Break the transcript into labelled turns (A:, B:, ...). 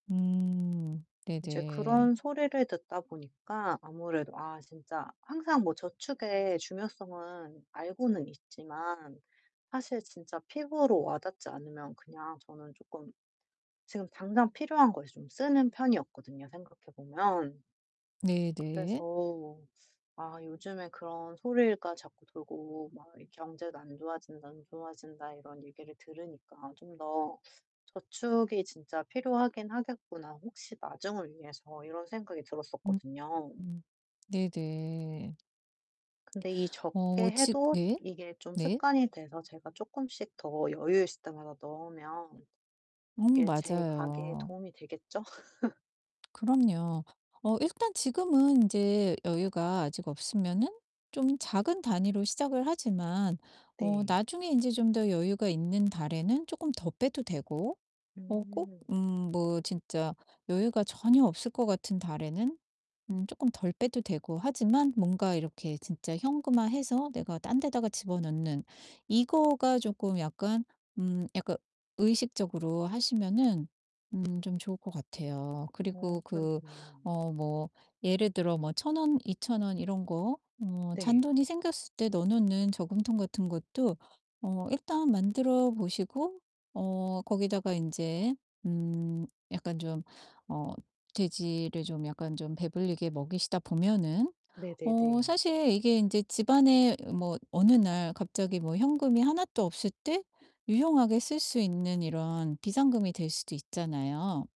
A: 음.
B: 이제
A: 네네.
B: 그런 소리를 듣다 보니까 아무래도 아 진짜 항상 뭐 저축의 중요성은 알고는 있지만 사실 진짜 피부로 와닿지 않으면 그냥 저는 쪼끔 지금 당장 필요한 거에 좀 쓰는 편이었거든요, 생각해 보면.
A: 네 네.
B: 그래서 아 요즘에 그런 소리가 자꾸 돌고 막 이 "경제가 안 좋아진다. 안 좋아진다." 이런 얘기를 들으니까 '좀 더 저축이 진짜 필요하긴 하겠구나, 혹시 나중을 위해서.' 이런 생각이
A: 음
B: 들었었거든요.
A: 음 네 네.
B: 근데 이
A: 어
B: 적게
A: 지
B: 해도
A: 네.
B: 이게 좀
A: 네.
B: 습관이 돼서 제가 쪼끔씩 더 여유 있을 때마다 넣으면
A: 음
B: 이게 제 가계에
A: 맞아요.
B: 도움이 되겠죠?
A: 그럼요. 어 일단 지금은 인제 여유가 아직 없으면은 좀 작은 단위로 시작을 하지만 어
B: 네.
A: 나중에 인제 좀 더 여유가 있는 달에는 조끔 더 빼도 되고 어 꼭
B: 음.
A: 음 뭐 진짜 여유가 전혀 없을 것 같은 달에는 음 쪼끔 덜 빼도 되고 하지만 뭔가 이렇게 진짜 현금화해서 내가 딴 데다가 집어넣는 이거가 쪼끔 약간 음 약간 의식적으로 하시면은 음 좀 좋을 것 같아요.
B: 어
A: 그리고 그
B: 그렇네요.
A: 어 뭐 예를 들어 뭐 1,000 원 2,000 원 이런 거 어
B: 네.
A: 잔돈이 생겼을 때 넣어 놓는 저금통 같은 것도 어 일단 만들어 보시고 어 거기다가 인제 음 약간 좀 어 돼지를 좀 약간 좀 배불리게 먹이시다 보면은 어
B: 네네네.
A: 사실 이게 인제 집안에 뭐 어느 날 갑자기 뭐 현금이 하나도 없을 때 유용하게 쓸 수 있는 이런 비상금이 될 수도 있잖아요.